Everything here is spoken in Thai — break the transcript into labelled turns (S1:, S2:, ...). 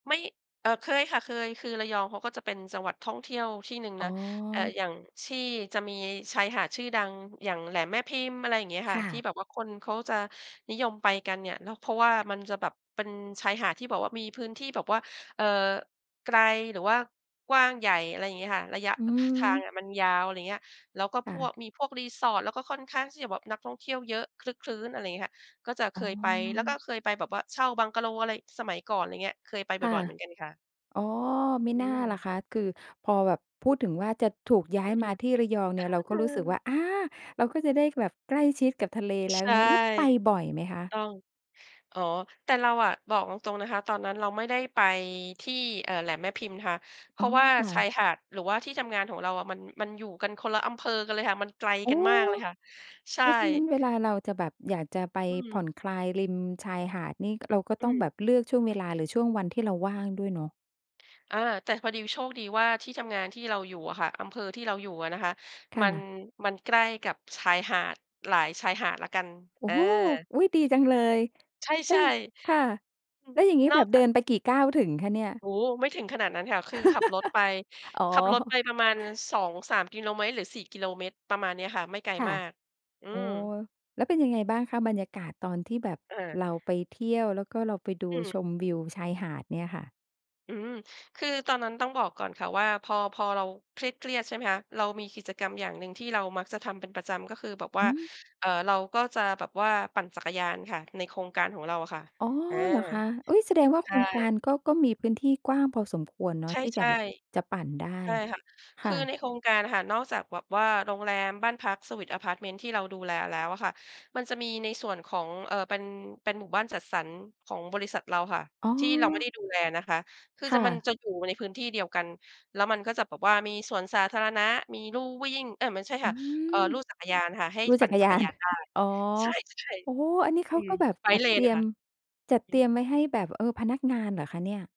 S1: ไม่ เอ่อ เคยค่ะ เคย คือระยองเขาก็จะเป็นจังหวัดท่องเที่ยวที่หนึ่ง
S2: อ๋
S1: น
S2: อ
S1: ะ เอ่อ อย่างที่จะมีชายหาดชื่อดัง อย่างแหลมแม่พิมพ์ อะไรอย่างเงี้ยค
S2: ค
S1: ่ะ
S2: ่
S1: ที่
S2: ะ
S1: แบบว่าคนเขาจะนิยมไปกันเนี่ยเนาะ ล เพราะว่ามันจะแบบเป็นชายหาดที่แบบมีพื้นที่แบบว่า เอ่อ ไกล หรือว่ากว้างใหญ่ อะไรอย่างเงี้ยค่ะ ระยะ
S2: อื
S1: อ ท ทาง
S2: ม
S1: อะมันยาว อะไรอย่างเงี้ย แล้วก็
S2: ค
S1: พ
S2: ่
S1: ว
S2: ะ
S1: ก มีพวก resort แล้วก็ค่อนข้างแบบนักท่องเที่ยวเยอะ ครึกครื้น อะไรอย่างเงี้ยค่ะ ก็จะเค
S2: อ๋อ
S1: ยไป แล้วก็เคยไปแบบว่าเช่าบังกะโลอะไร สมัยก่อนอะไรอย่างเงี้ย เคยไปบ
S2: ค่ะ
S1: ่อย ๆ เหมือนกันค่ะ
S2: อ๋อ ไม่
S1: อื
S2: น่าล่ะ
S1: ม
S2: คะ คือพอแบบพูดถึงว่าจะถูกย้า
S1: อื
S2: ยม
S1: ม
S2: าที่ระยองเนี่ย
S1: อ
S2: เร
S1: า
S2: าก
S1: เ
S2: ็
S1: อ
S2: รู้สึกว
S1: อ
S2: ่า อา เราก็จะได้แบบใกล้ชิดกับทะเลแล้ว
S1: ใช
S2: อย่
S1: ่
S2: างเงี้ย แล้วไปบ่อยไหมคะ?
S1: ต้อง อ๋อ แต่เราอะบอกตรง ๆ นะคะ ตอนนั้นเราไม่ได้ไปที่ เอ่อ แหลมแม่พิมพ์ค่ะ เพ
S2: อ๋
S1: ร
S2: อ
S1: าะว่า
S2: ค่
S1: ชา
S2: ะ
S1: ยหาด หรือว่าที่ทำงานของเราอะมัน มันอยู่กันคนละอำเภอกันเลยค่ะ มันไกล
S2: โอ้
S1: กันมากเลยค่ะ ใช
S2: เ
S1: ่
S2: พราะฉะนั้นเวลาเราจะแบบอยากจะไป
S1: อื
S2: ผ่
S1: ม
S2: อนคลายริมชายหาดนี่เราก็
S1: อื
S2: ต้องแบ
S1: ม
S2: บเลือกช่วงเวลาหรือช่วงวันที่เราว่างด้วยเนาะ
S1: อา แต่พอดีโชคดีว่าที่ทำงานที่เราอยู่อะค่ะ อำเภอที่เราอยู่อะนะคะ
S2: ค
S1: ม
S2: ่
S1: ัน
S2: ะ
S1: มันใกล้กับชายหาดหลายชายหาดแล้วกัน
S2: โอ
S1: อ
S2: ้
S1: า
S2: โฮ อุ๊ย ดีจังเลย
S1: ใ
S2: เอ๊
S1: ช่
S2: ย ค่ะ
S1: ๆ อือ
S2: แล้วอย่างงี้
S1: น
S2: แ
S1: อ
S2: บ
S1: ก
S2: บเ
S1: จ
S2: ดิ
S1: าก
S2: นไปกี่ก้าวถึงคะเนี่ย?
S1: โอ้ ไม่ถึงขนาดนั้นค่ะ คือขับรถไป
S2: อ๋อ
S1: ขับรถไปประมาณ 2-3 กิโลเมตร หรือ 4 กิโลเมตร ประมาณเนี้ยค่ะ ไม่ไกล
S2: ค่ะ
S1: มาก อื
S2: โอ้
S1: ม
S2: โฮ แล้วเป็นยังไงบ้างคะ บรรยากาศตอนที่แบบ
S1: อา
S2: เราไปเที่ยว แล้วก็เราไปดู
S1: อืม
S2: ชมวิวชายหาดเนี่ยค่ะ?
S1: อืม คือตอนนั้นต้องบอกก่อนค่ะว่า พอ พอเราเครียด ๆ ใช่ไหมคะ เรามีกิจกรรมอย่างหนึ่งที่เรามักจะทำเป็นประจำ ก็คือแบบว
S2: อ
S1: ่า
S2: ือ
S1: เอ่อ เราก็จะแบบว่าปั่นจักรยานค่ะในโครงการของเราอะค่ะ
S2: อ๋อ
S1: อา
S2: เหรอคะ? อุ๊ย แสดงว่า
S1: ใ
S2: โ
S1: ช
S2: ครงกา
S1: ่
S2: รก็ ก็มีพื้นที่กว้างพอสมควรเนา
S1: ใช
S2: ะ
S1: ่
S2: ที่จะแบบ จะปั่นได้
S1: ๆ ใช่ค่ะ
S2: ค
S1: ค
S2: ่
S1: ือ
S2: ะ
S1: ในโครงการค่ะ นอกจากแบบว่าโรงแรม บ้านพัก เซอร์วิซ อะพาร์ตเมนต์ ที่เราดูแลแล้วอะค่ะ มันจะมีในส่วนของ เอ่อ เป็น เป็นหมู่บ้านจัดสรรของบริษัทเราค่ะ
S2: อ๋
S1: ที่เราไม่
S2: อ
S1: ได้ดูแลนะคะ คือ
S2: ค
S1: จ
S2: ่
S1: ะ มัน
S2: ะ
S1: จะอยู่ในพื้นที่เดียวกัน แล้วมันก็จะแบบว่ามีสวนสาธารณะ มีลู่วิ่ง เอ๊ย ไม่ใช่
S2: อื
S1: ค่ะ เอ่อ
S2: อ
S1: ลู่จักรยานค่ะ ให้
S2: ดู
S1: ป
S2: จ
S1: ั
S2: ั
S1: ่น
S2: กร
S1: จั
S2: ย
S1: ก
S2: า
S1: รย
S2: น
S1: านได้
S2: อ๋อ
S1: ใช่
S2: โอ้โฮ อันนี้
S1: ๆ
S2: เข
S1: อื
S2: า
S1: อ
S2: ก็แบบจั
S1: bike
S2: ดเตร
S1: lane
S2: ี
S1: อะ
S2: ย
S1: ค
S2: ม
S1: ่ะ
S2: จ
S1: อื
S2: ัด
S1: อฮ
S2: เตรี
S1: ึ
S2: ยมไว้ให้แบบ เออ พนักงานเหรอคะเนี่ย?